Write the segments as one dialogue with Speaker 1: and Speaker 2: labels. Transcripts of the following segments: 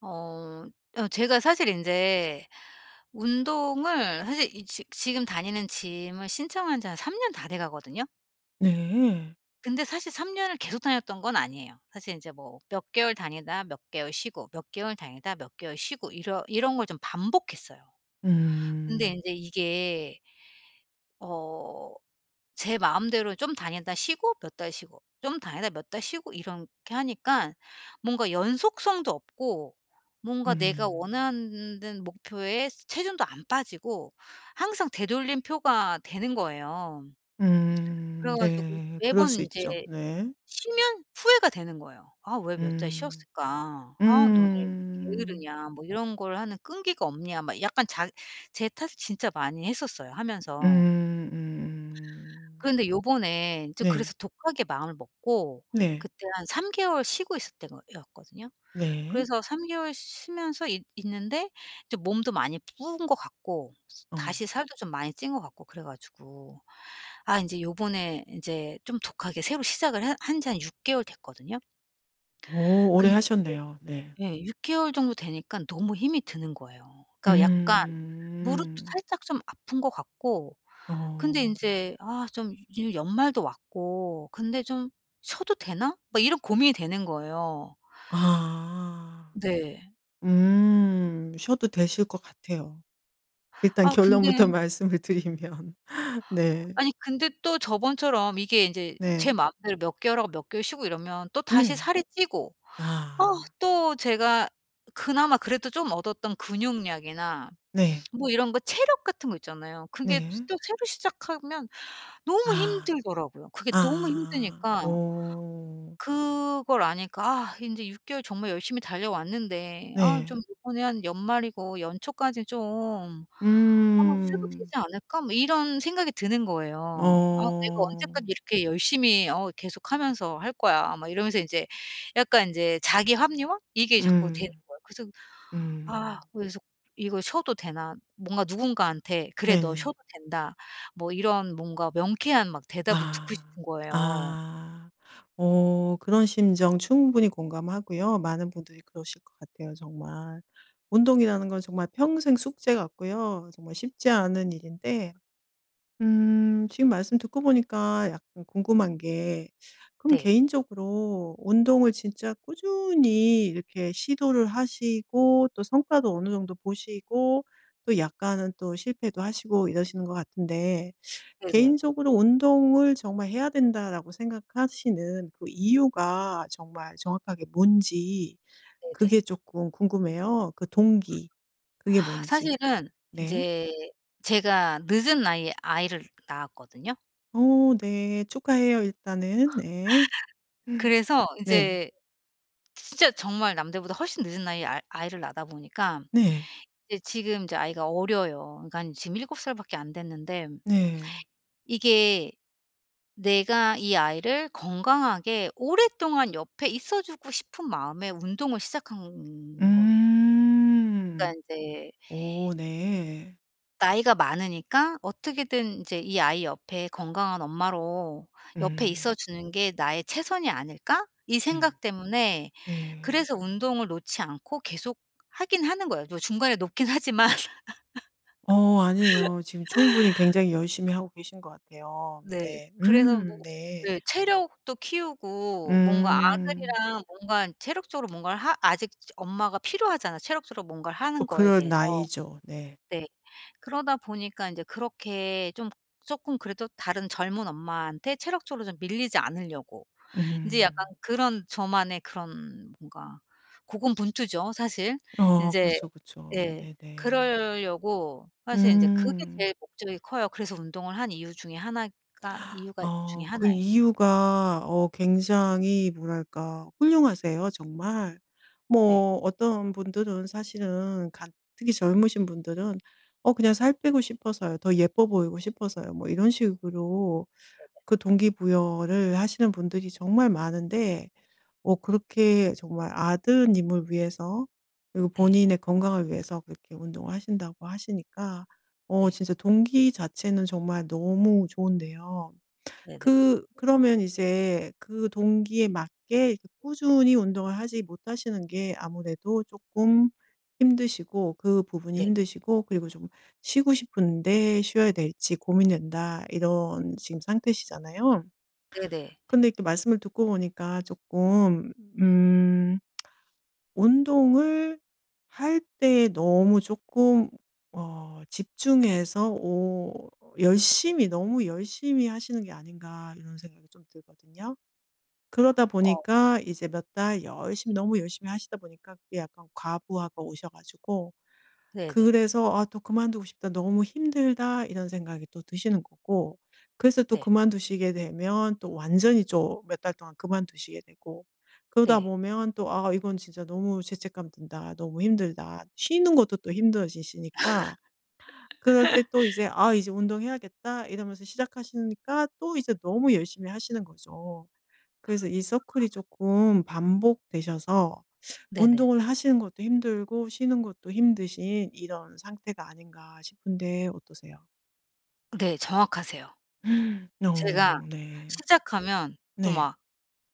Speaker 1: 어. 어 제가 사실 인제 운동을 사실 이 지 지금 다니는 짐을 신청한 지 한 3 년 다 돼가거든요.
Speaker 2: 네.
Speaker 1: 근데 사실 3 년을 계속 다녔던 건 아니에요. 사실 인제 뭐 몇 개월 다니다 몇 개월 쉬고 몇 개월 다니다 몇 개월 쉬고 이러 이런 걸 좀 반복했어요. 근데
Speaker 2: 음.
Speaker 1: 인제 이게 어 제 마음대로 좀 다녔다 쉬고 몇 달 쉬고 좀 다니다 몇 달 쉬고 이렇게 하니깐 뭔가 연속성도 없고 뭔가 내가
Speaker 2: 음.
Speaker 1: 원하는 는 목표에 체중도 안 빠지고 항상 되돌림 표가 되는 거예요.
Speaker 2: 음
Speaker 1: 그래가지고
Speaker 2: 네. 그럴
Speaker 1: 매번
Speaker 2: 수
Speaker 1: 이제
Speaker 2: 있죠. 네.
Speaker 1: 쉬면 후회가 되는 거예요. '아 왜 몇 달
Speaker 2: 음
Speaker 1: 쉬었을까? 아 너 왜 이렇게
Speaker 2: 음.
Speaker 1: 게으르냐? 뭐 이런 걸 하는 끈기가 없냐?' 막 약간 자 제 탓을 진짜 많이 했었어요
Speaker 2: 으
Speaker 1: 하면서.
Speaker 2: 음 음.
Speaker 1: 그런데 요번에 저
Speaker 2: 네.
Speaker 1: 그래서 독하게 마음을 먹고
Speaker 2: 네.
Speaker 1: 그때 한 3 개월 쉬고 있을 땐 거였거든요.
Speaker 2: 네.
Speaker 1: 그래서 3 개월 쉬 쉬면서 있 있는데 저 좀 몸도 많이 부은 것 같고
Speaker 2: 어.
Speaker 1: 다시 살도 좀 많이 찐 것 같고 그래가지고. 아 이제 요번에 이제 좀 독하게 새로 시작을 하 한 지 한 6 개월 됐거든요.
Speaker 2: 오. 오래
Speaker 1: 근데
Speaker 2: 하셨네요. 네.
Speaker 1: 이제 예. 6 개월 정도 되니까 너무 힘이 드는 거예요. 그러니까 약간 무릎도
Speaker 2: 음.
Speaker 1: 살짝 좀 아픈 거 같고 근데
Speaker 2: 어.
Speaker 1: 인제 아 좀 요즘 연말도 왔고 근데 '좀 쉬어도 되나?' 막 이런 고민이 되는 거예요.
Speaker 2: 아.
Speaker 1: 네.
Speaker 2: 음 쉬어도 되실 것 같아요. 일단
Speaker 1: 아
Speaker 2: 결론부터
Speaker 1: 근데
Speaker 2: 말씀을 드리면. 네.
Speaker 1: 아니 근데 또 저번처럼 이게 인제 제
Speaker 2: 네.
Speaker 1: 마음대로 몇 개월 하고 몇 개월 쉬고 이러면 또다시
Speaker 2: 네.
Speaker 1: 살이 찌고 아
Speaker 2: 아.
Speaker 1: 또 제가 그나마 그래도 좀 얻었던 근육량이나
Speaker 2: 네.
Speaker 1: 뭐 이런 거 체력 같은 거 있잖아요. 그게 스
Speaker 2: 네.
Speaker 1: 또 새로 시작하면 너무
Speaker 2: 아.
Speaker 1: 힘들더라고요. 그게 너무
Speaker 2: 아.
Speaker 1: 힘드니까.
Speaker 2: 오.
Speaker 1: 그걸 아니까 아 인제 6 개월 정말 열심히 달려왔는데 아
Speaker 2: 네.
Speaker 1: 좀 이번에 한 연말이고 연초까지 좀 '아 쉬도 되지
Speaker 2: 음.
Speaker 1: 않을까?' 뭐 이런 생각이 드는 거예요. '아 내가 언제까지
Speaker 2: 어.
Speaker 1: 이렇게 열심히 어 계속 하면서 할 거야?' 막 이러면서 인제 약간 인제 자기 합리화 이게 자꾸 되는
Speaker 2: 음.
Speaker 1: 거예요. 그래서 아
Speaker 2: 음.
Speaker 1: 그래서 이거 쉬어도 되나 뭔가 누군가한테 '그래 너
Speaker 2: 네네.
Speaker 1: 쉬어도 된다.' 뭐 이런 뭔가 명쾌한 막 대답을 듣고
Speaker 2: 아.
Speaker 1: 싶은 거예요.
Speaker 2: 아. 어 그런 심정 충분히 공감하고요. 많은 분들이 그러실 것 같아요 정말. 운동이라는 건 정말 평생 숙제 같고요. 정말 쉽지 않은 일인데. 음 지금 말씀 듣고 보니까 약간 궁금한 게 그럼
Speaker 1: 네.
Speaker 2: 개인적으로 운동을 진짜 꾸준히 이렇게 시도를 하시고 또 성과도 어느 정도 보시고 또 약간은 또 실패도 하시고 이러시는 것 같은데.
Speaker 1: 네네.
Speaker 2: 개인적으로 '운동을 정말 해야 된다.'라고 생각하시는 그 이유가 정말 정확하게 뭔지
Speaker 1: 네네.
Speaker 2: 그게 쪼끔 궁금해요 그 동기. 그게 뭔지.
Speaker 1: 사실은
Speaker 2: 네.
Speaker 1: 이제 제가 늦은 나이에 아이를 낳았거든요.
Speaker 2: 어 네 축하해요 일단은 네.
Speaker 1: 그래서
Speaker 2: 네.
Speaker 1: 이제 지 진짜 정말 남들보다 훨씬 늦은 나이에 아 아이를 낳다 보니까
Speaker 2: 네.
Speaker 1: 이제 지금 이제 아이가 어려요. 그러니깐 지금 7 살 밖에 안됐는데
Speaker 2: 네.
Speaker 1: 이게 내가 이 아이를 건강하게 오랫동안 옆에 있어주고 싶은 마음에 운동을 시작한 거예요.
Speaker 2: 음.
Speaker 1: 그러니까 이제
Speaker 2: 오 네.
Speaker 1: 나이가 많으니까 어떻게든 이제 이 '아이 옆에 건강한 엄마로 옆에
Speaker 2: 음.
Speaker 1: 있어주는 게 나의 최선이 아닐까?' 이
Speaker 2: 음.
Speaker 1: 생각 때문에
Speaker 2: 예.
Speaker 1: 그래서 운동을 놓지 않고 계속 하긴 하는 거예요. 또 중간에 놓긴 하지만.
Speaker 2: 어 아니에요. 지금 충분히 굉장히 열심히 하고 계신 것 같아요.
Speaker 1: 네.
Speaker 2: 네.
Speaker 1: 그래서 뭐
Speaker 2: 음 네.
Speaker 1: 네. 체력도 키우고 뭔가
Speaker 2: 음.
Speaker 1: 아들이랑 뭔가 체력적으로 뭔가를 하 아직 엄마가 필요하잖아 체력적으로 뭔가를
Speaker 2: 어
Speaker 1: 하는 거에
Speaker 2: 그럴
Speaker 1: 대해서.
Speaker 2: 나이죠. 네.
Speaker 1: 네. 그러다 보니까 인제 그렇게 좀 쪼끔 그래도 다른 젊은 엄마한테 체력적으로 좀 밀리지 않으려고 인제 약간
Speaker 2: 음.
Speaker 1: 그런 저만의 그런 뭔가 고군분투죠 사실.
Speaker 2: 어
Speaker 1: 인제
Speaker 2: 그렇죠 그렇죠.
Speaker 1: 예.
Speaker 2: 네네.
Speaker 1: 그러려고 사실 인제 그게
Speaker 2: 음.
Speaker 1: 제일 목적이 커요. 그래서 운동을 한 이유 중에 1 가 이유가 중에
Speaker 2: 어
Speaker 1: 1
Speaker 2: 그
Speaker 1: 에요.
Speaker 2: 이유가 어 굉장히 뭐랄까 훌륭하세요 정말.
Speaker 1: 네.
Speaker 2: 뭐 어떤 분들은 사실은 가 특히 젊으신 분들은 어 그냥 "살 빼고 싶어서요. 더 예뻐 보이고 싶어서요." 뭐 이런 식으로
Speaker 1: [unintelligible]
Speaker 2: 그 동기 부여를 하시는 분들이 정말 많은데 어 그렇게 정말 아드님을 위해서 그리고
Speaker 1: 네.
Speaker 2: 본인의 건강을 위해서 그렇게 운동을 하신다고 하시니까 어
Speaker 1: 네.
Speaker 2: 진짜 동기 자체는 정말 너무 좋은데요.
Speaker 1: 네네.
Speaker 2: 그 그러면 이제 그 동기에 맞게 이렇게 꾸준히 운동을 하지 못하시는 게 아무래도 쪼끔 힘드시고 그 부분이
Speaker 1: 네.
Speaker 2: 힘드시고 그리고 좀 "쉬고 싶은데 쉬어야 될지 고민된다." 이런 지금 상태시잖아요.
Speaker 1: 네네.
Speaker 2: 근데 이렇게 말씀을 듣고 보니까 쪼끔 음 '운동을 할 때 너무 쪼끔 어 집중해서 오 열심히 너무 열심히 하시는 게 아닌가.' 이런 생각이 좀 들거든요. 그러다
Speaker 1: 어.
Speaker 2: 보니까 이제 몇 달 열심히 너무 열심히 하시다 보니까 그게 약간 과부하가 오셔 가지고
Speaker 1: 네네.
Speaker 2: 그래서 아 또 '그만두고 싶다. 너무 힘들다.' 이런 생각이 또 드시는 거고. 그래서 또
Speaker 1: 네.
Speaker 2: 그만두시게 되면 또 완전히 또 몇 달 동안 그만두시게 되고. 그러다
Speaker 1: 네.
Speaker 2: 보면 또 '아 이건 진짜 너무 죄책감 든다. 너무 힘들다.' 쉬는 것도 또 힘들어지시니까. 그럴 때 또 이제 '아 이제 운동해야겠다.' 이러면서 시작하시니까 또 이제 너무 열심히 하시는 거죠. 그래서 이 서클이 조금 반복되셔서
Speaker 1: 네네.
Speaker 2: 운동을 하시는 것도 힘들고 쉬는 것도 힘드신 이런 상태가 아닌가 싶은데 어떠세요?
Speaker 1: 네. 정확하세요. 제가
Speaker 2: 어. 네.
Speaker 1: 시작하면 또
Speaker 2: 네.
Speaker 1: 막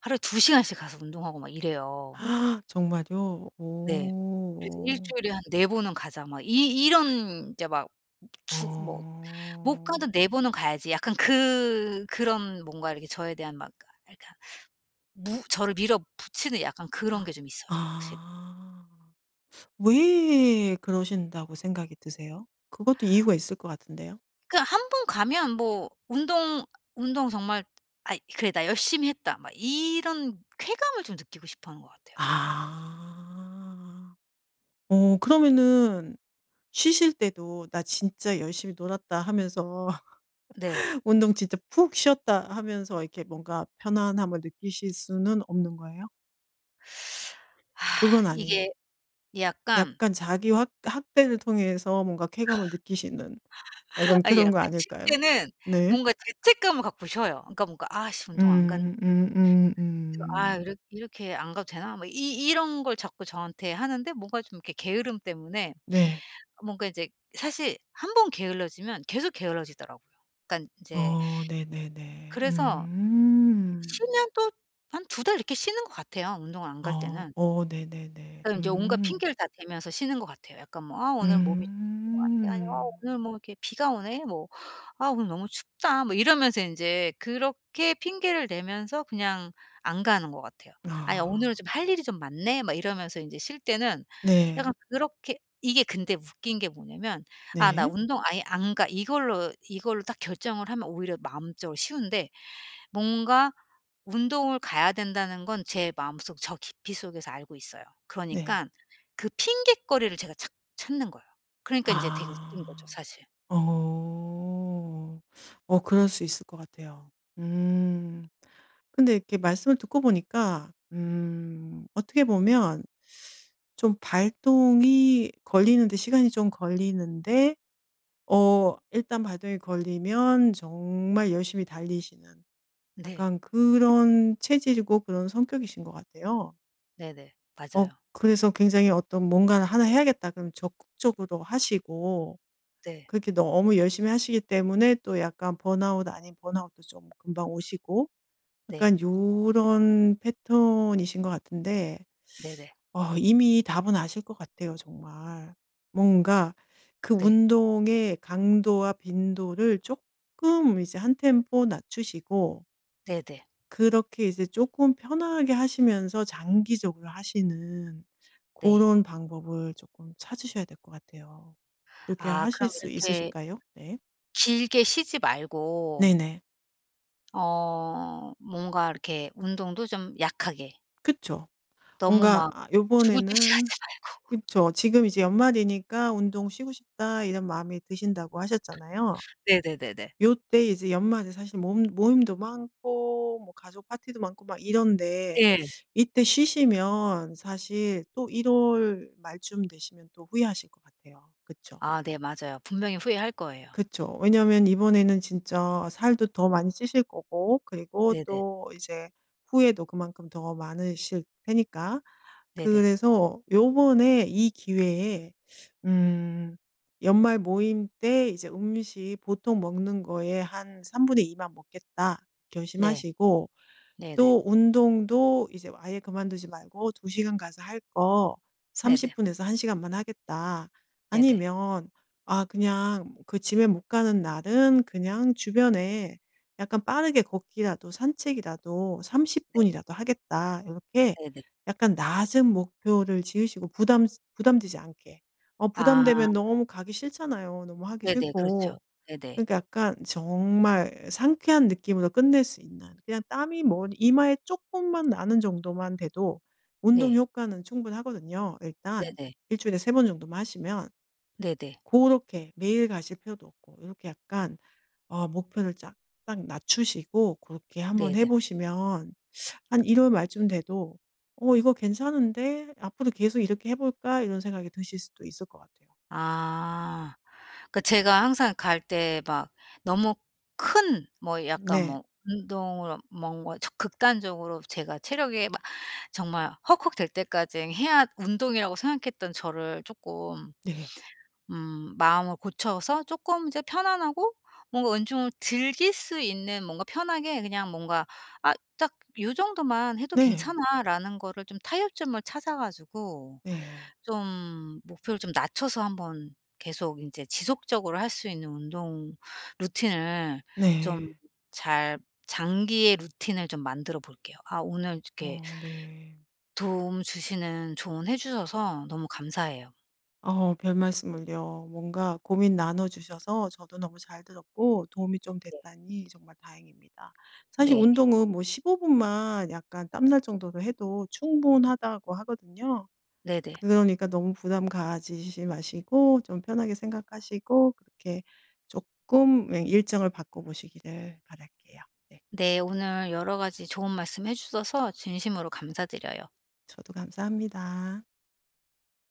Speaker 1: 하루에 2 시간씩 가서 운동하고 막 이래요.
Speaker 2: 정말요?
Speaker 1: 네. 그래서
Speaker 2: 오.
Speaker 1: '일주일에 한 4 번은 가자.' 막 이 이런 이제 막 주 뭐 '못
Speaker 2: 아.
Speaker 1: 가도 4 번은 가야지.' 약간 그 그런 뭔가 이렇게 저에 대한 막 아 아 그러니까 무 저를 밀어붙이는 약간 그런 게 좀 있어요 확실히.
Speaker 2: 아. 왜 그러신다고 생각이 드세요? 그것도 이유가 있을 것 같은데요.
Speaker 1: 그 1 번 가면 뭐 운동, 운동 정말 '아잇 그래 나 열심히 했다.' 막 이런 쾌감을 좀 느끼고 싶어하는 것 같아요.
Speaker 2: 아. 어. 그러면은 쉬실 때도 '나 진짜 열심히 놀았다.' 하면서
Speaker 1: 네.
Speaker 2: '운동 진짜 푹 쉬었다.' 하면서 이렇게 뭔가 편안함을 느끼실 수는 없는 거예요? 그건 아니에요.
Speaker 1: 이게 약간
Speaker 2: 약간 자기 확 학대를 통해서 뭔가 쾌감을 느끼시는 약간
Speaker 1: 아
Speaker 2: 그런
Speaker 1: 약간
Speaker 2: 거
Speaker 1: 쉴
Speaker 2: 아닐까요?
Speaker 1: 때는
Speaker 2: 네.
Speaker 1: 뭔가 죄책감을 갖고 쉬어요. 그러니까 뭔가 '아 씨 운동 안 갔는데'
Speaker 2: 음. 음음
Speaker 1: 그래서 '아
Speaker 2: 음.
Speaker 1: 이렇 이렇게 안 가도 되나?' 뭐 이 이 이런 걸 자꾸 저한테 하는데 뭔가 좀 이렇게 게으름 때문에
Speaker 2: 네.
Speaker 1: 뭔가 이제 사실 1 번 게을러지면 계속 게을러지더라고요. 그러니까 인제
Speaker 2: 어. 네네네.
Speaker 1: 그래서
Speaker 2: 음.
Speaker 1: 쉬면 또 한 2 달 이렇게 쉬는 것 같아요 운동을 안 갈
Speaker 2: 어.
Speaker 1: 때는.
Speaker 2: 어 네네네.
Speaker 1: 그러면 인제 온갖
Speaker 2: 음.
Speaker 1: 핑계를 다 대면서 쉬는 것 같아요. 약간 뭐 '아 오늘 몸이 안 좋은 것 같아. 어
Speaker 2: 음.
Speaker 1: 오늘 뭐 이렇게 비가 오네.' 뭐 '아 오늘 너무 춥다.' 뭐 이러면서 인제 그렇게 핑계를 대면서 그냥 안 가는 것 같아요. '아 오늘은
Speaker 2: 아.
Speaker 1: 좀 할 일이 좀 많네.' 막 이러면서 이제 쉴 때는 약간
Speaker 2: 네.
Speaker 1: 그렇게 이게 근데 웃긴 게 뭐냐하면 '아 나
Speaker 2: 네.
Speaker 1: 운동 아예 안 가.' 이걸로 이걸로 딱 결정을 하면 오히려 마음적으로 쉬운데 뭔가 운동을 가야 된다는 건 제 마음속 저 깊이 속에서 알고 있어요.
Speaker 2: 네.
Speaker 1: 그러니깐 그 핑곗거리를 제가 찾 찾는 거예요. 그러니까 인제 되게 웃긴 거죠
Speaker 2: 아.
Speaker 1: 사실.
Speaker 2: 어. 어 그럴 수 있을 것 같아요. 음. 근데 이렇게 말씀을 듣고 보니까 음 어떻게 보면 좀 발동이 걸리는데 시간이 좀 걸리는데 어 일단 발동이 걸리면 정말 열심히 달리시는
Speaker 1: 네.
Speaker 2: 약간 그런 체질이고 그런 성격이신 것 같아요.
Speaker 1: 네네.
Speaker 2: 어
Speaker 1: 맞아요.
Speaker 2: 그래서 굉장히 어떤 무언가는 하나 해야겠다 그러면 적극적으로 하시고,
Speaker 1: 네.
Speaker 2: 그렇게 너무 열심히 하시기 때문에 또 약간 번아웃 아닌 번아웃도 좀 금방 오시고
Speaker 1: 네.
Speaker 2: 약간 요런 패턴이신 것 같은데.
Speaker 1: 네네.
Speaker 2: 어 이미 답은 아실 것 같아요 정말. 뭔가 그
Speaker 1: 네.
Speaker 2: 운동의 강도와 빈도를 쪼끔 이제 한 템포 낮추시고
Speaker 1: 네네.
Speaker 2: 그렇게 이제 쪼끔 편안하게 하시면서 장기적으로 하시는
Speaker 1: 네.
Speaker 2: 고런 방법을 쪼끔 찾으셔야 될 것 같아요. 그렇게
Speaker 1: 아
Speaker 2: 하실
Speaker 1: 그럼
Speaker 2: 수
Speaker 1: 이렇게
Speaker 2: 있으실까요? 네.
Speaker 1: 길게 쉬지 말고
Speaker 2: 네네.
Speaker 1: 어 뭔가 이렇게 운동도 좀 약하게
Speaker 2: 그쵸.
Speaker 1: 너무
Speaker 2: 뭔가
Speaker 1: 막
Speaker 2: 아
Speaker 1: 죽을 듯이 하지
Speaker 2: 요번에는
Speaker 1: 말고.
Speaker 2: 그쵸. 지금 이제 연말이니까 '운동 쉬고 싶다.' 이런 마음이 드신다고 하셨잖아요.
Speaker 1: 네네네네.
Speaker 2: 요때 이제 연말에 사실 모 모임도 많고 뭐 가족 파티도 많고 막 이런데
Speaker 1: 예.
Speaker 2: 이때 쉬시면 사실 또 1 월 말쯤 되시면 또 후회하실 것 같아요. 그쵸?
Speaker 1: 아 네 맞아요. 분명히 후회할 거예요.
Speaker 2: 그쵸. 왜냐하면 이번에는 진짜 살도 더 많이 찌실 거고 그리고
Speaker 1: 네네.
Speaker 2: 또 이제 후회도 그만큼 더 많으실 테니까
Speaker 1: 네네.
Speaker 2: 그래서 요번에 이 기회에 음 연말 모임 때 이제 '음식 보통 먹는 거에 한 3 분의 2 만 먹겠다.'
Speaker 1: 네.
Speaker 2: 결심하시고,
Speaker 1: 네네.
Speaker 2: 또 운동도 이제 아예 그만두지 말고 '2 시간 가서 할 거 30
Speaker 1: 네네.
Speaker 2: 분에서 1 시간만 하겠다.',
Speaker 1: 네네.
Speaker 2: 아니면 아 그냥 그 짐에 못 가는 날은 그냥 주변에 약간 빠르게 걷기라도, 산책이라도 30
Speaker 1: 네.
Speaker 2: 분이라도 하겠다 요렇게
Speaker 1: 네네.
Speaker 2: 약간 낮은 목표를 지으시고 부담 부담되지 않게 어
Speaker 1: 아.
Speaker 2: 부담되면 너무 가기 싫잖아요. 너무 하기
Speaker 1: 네네. 그렇죠.
Speaker 2: 싫고.
Speaker 1: 네네.
Speaker 2: 그러니까 약간 정말 상쾌한 느낌으로 끝낼 수 있는, 그냥 땀이 뭐 이마에 쪼끔만 나는 정도만 돼도 운동
Speaker 1: 네.
Speaker 2: 효과는 충분하거든요 일단.
Speaker 1: 네네.
Speaker 2: 1 주일에 3 번 정도만 하시면.
Speaker 1: 네네.
Speaker 2: 고렇게 매일 가실 필요도 없고 요렇게 약간 어 목표를 약간 낮추시고 고렇게 한번
Speaker 1: 네네.
Speaker 2: 해보시면 한 1 월 말쯤 돼도 '어 이거 괜찮은데 앞으로 계속 이렇게 해볼까?' 이런 생각이 드실 수도 있을 것 같아요.
Speaker 1: 아 그 제가 항상 갈 때 막 너무 큰 뭐 약간
Speaker 2: 네.
Speaker 1: 뭐 운동으로 뭔가 적 극단적으로 제가 체력이 막 정말 헉헉 될 때까지 해야 운동이라고 생각했던 저를 쪼끔
Speaker 2: 네.
Speaker 1: 음 마음을 고쳐서 쪼끔 이제 편안하고 뭔가 운동을 즐길 수 있는 뭔가 편하게 그냥 뭔가 아 딱 '요정도만 해도
Speaker 2: 네
Speaker 1: 괜찮아.'라는 거를 좀 타협점을 찾아가지고
Speaker 2: 네.
Speaker 1: 좀 목표를 좀 낮춰서 한번 계속 인제 지속적으로 할 수 있는 운동 루틴을 좀
Speaker 2: 네.
Speaker 1: 잘 장기의 루틴을 좀 만들어 볼게요. 아 오늘 이렇게
Speaker 2: 어 네.
Speaker 1: 도움 주시는 조언 해주셔서 너무 감사해요.
Speaker 2: 어우 별말씀을요. 뭔가 고민 나눠 주셔서 저도 너무 잘 들었고 도움이 좀
Speaker 1: 네.
Speaker 2: 됐다니 정말 다행입니다. 사실
Speaker 1: 네.
Speaker 2: '운동은 뭐 15 분만 약간 땀날 정도로 해도 충분하다.'고 하거든요.
Speaker 1: 네네.
Speaker 2: 그러니까 너무 부담 가지지 마시고 좀 편하게 생각하시고 그렇게 쪼끔 예 일정을 바꿔 보시기를 바랄게요. 네.
Speaker 1: 네. 오늘 여러 가지 좋은 말씀 해 주셔서 진심으로 감사드려요.
Speaker 2: 저도 감사합니다.